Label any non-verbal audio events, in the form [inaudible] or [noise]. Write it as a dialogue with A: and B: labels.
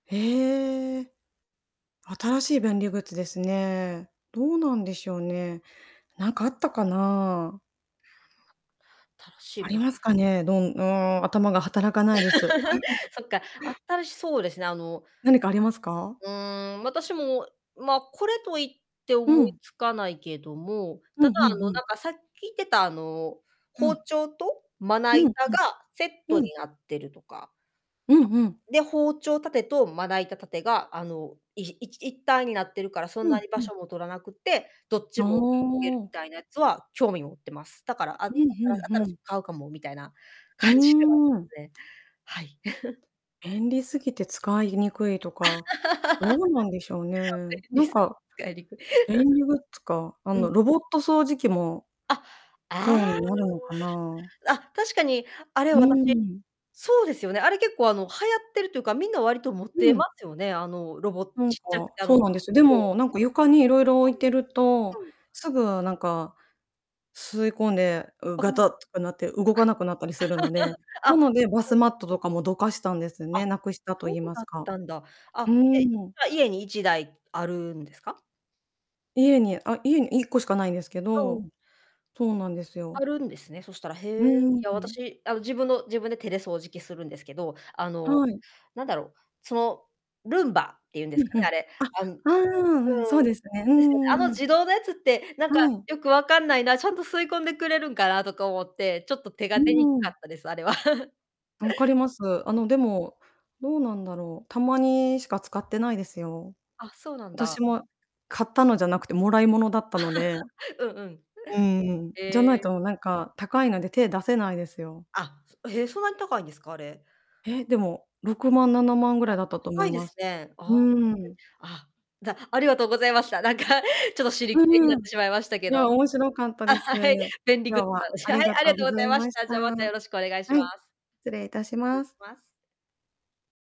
A: へえ。新しい便利グッズですね。どうなんでしょうね。なんかあったかな。
B: 新しい、
A: あり
B: ぶ
A: ますかね、どんうーん、頭が働かないです。
B: [laughs]
A: [chuckles]
B: そっか、新しそうですね、あの、
A: 何かありますか？
B: [unintelligible] うーん、私も、ま、これと言って
A: う
B: 思い
A: ん。
B: つかないけども、
A: う
B: ただ、
A: ん、ふん
B: あの、
A: ふ
B: な
A: ん。
B: んか、さっき聞いてた、あの、
A: う
B: 包
A: ん。
B: 丁とまな
A: うん、
B: 板
A: ふん。
B: がセット
A: う
B: に
A: ん。
B: なってるとか
A: うんうん。
B: たこで、包丁立てとまな板立てが、あの、いいち一体になってるからそん
A: う
B: な
A: ん、
B: に場
A: ふん。
B: 所も取らなくて、どっ
A: あ、
B: ちもいけ [unintelligible]
A: お
B: み
A: お。
B: たいなやつは興味持ってます。だから、ああ
A: う
B: た
A: ん、ふ
B: ら
A: んふ
B: 新し
A: ん。
B: く買うかも、みたいな
A: うー
B: 感じではあります
A: ん。
B: ね、はい。[chuckles]
A: 便利すぎて使いにくいとか、どうなんでしょう
B: [laughs] 便
A: ね。な
B: 利
A: ん
B: す
A: か、
B: ぎ、使いにくい。
A: 便利グッズ
B: [chuckles]
A: かあ
B: うん。
A: の、ロボット掃除機も
B: あ、あ
A: そうになるのかな。
B: あ。あ、確かにあれ、
A: うー
B: 私
A: ん。
B: そうですよね、あれ、結構、あの、流行ってるというか、みんな割と持っ
A: う
B: てま
A: ん。
B: すよね、あの、ロボ
A: なん
B: ちっちゃく
A: か、
B: て、あ
A: そう
B: の、
A: なんです。で
B: そう。
A: も、なんか、床にいろいろ置いて
B: そ
A: ると、
B: に。うん。
A: すぐなんか、吸い込んで、う、ガ
B: うん。
A: タっとかなって動かなくなったりするので、
B: あ。
A: な
B: [laughs] あ、
A: のでバス
B: そ
A: マ
B: う
A: ットとかもどかしたんです
B: あ、
A: ね、無くしたと
B: そ
A: 言い
B: う
A: ま
B: だ
A: す
B: っ
A: か。
B: たんだ。
A: う
B: あ、え、
A: ーん。
B: 今、家に1台あるんですか？
A: 家に、あ、家に、1個しかないんですけ
B: あ、う
A: ど、
B: ん。
A: そうなんですよ。
B: あるんですね、そしたら。へ
A: うー
B: え。い
A: ん、
B: や、
A: うん。
B: 私、あの、自分の自分で手で掃除機するんですけど、あの、
A: はい。
B: なんだろう、その、ルンバっていうんで
A: う
B: す
A: ん、
B: か
A: ふ
B: ね、あ
A: ん。
B: れ。
A: あ、あ
B: あ、ん、うん。
A: あ、うん、そうですね、う
B: ですよね、
A: んう
B: あ
A: んう
B: の
A: ん。
B: 自動のやつってなんか
A: はい。
B: よくわかんないな、ちゃんと吸い込んでくれるんかなとか思って、ちょっと手
A: う
B: が出にく
A: んう
B: か
A: ん。
B: ったです、あれは。[chuckles]
A: 分かります。あ
B: ん。
A: の、でも、どうなんだろう、たまにしか使ってないですよ。
B: あ、そうなん
A: 私
B: だ。
A: も、買ったのじゃなくて貰い物だったので。
B: [laughs] うんうん。
A: うーん、じゃ
B: へ
A: ない
B: え。
A: と、なんか、高いので手出せないですよ。
B: あ、え、そんなに高いんですか、あれ。
A: へ、でも、6万、7万ぐら
B: わ、
A: いだったと思
B: 高
A: い
B: いで
A: ま
B: す
A: す。
B: ね。
A: う
B: ああ、[unintelligible]
A: ーん。
B: あ、じゃ、ありがとうございました。なんか、ちょっと、尻
A: う
B: 切れに
A: ん
B: なっ
A: うん、
B: て
A: い
B: しまいましたけ
A: や、
B: ど、
A: 面白かった
B: あ、
A: です。
B: はい、便利グッ
A: 今日
B: ズ
A: はあ
B: の話。は
A: り
B: い、
A: が
B: あ
A: と
B: りが
A: う
B: と
A: ご
B: ご
A: ざ
B: ざい
A: い
B: まし
A: まし
B: た。
A: た。
B: じゃ、また
A: は
B: よろしくお願いしま
A: い、
B: す。
A: 失礼いたし
B: 失礼
A: ま
B: し
A: す。
B: ます。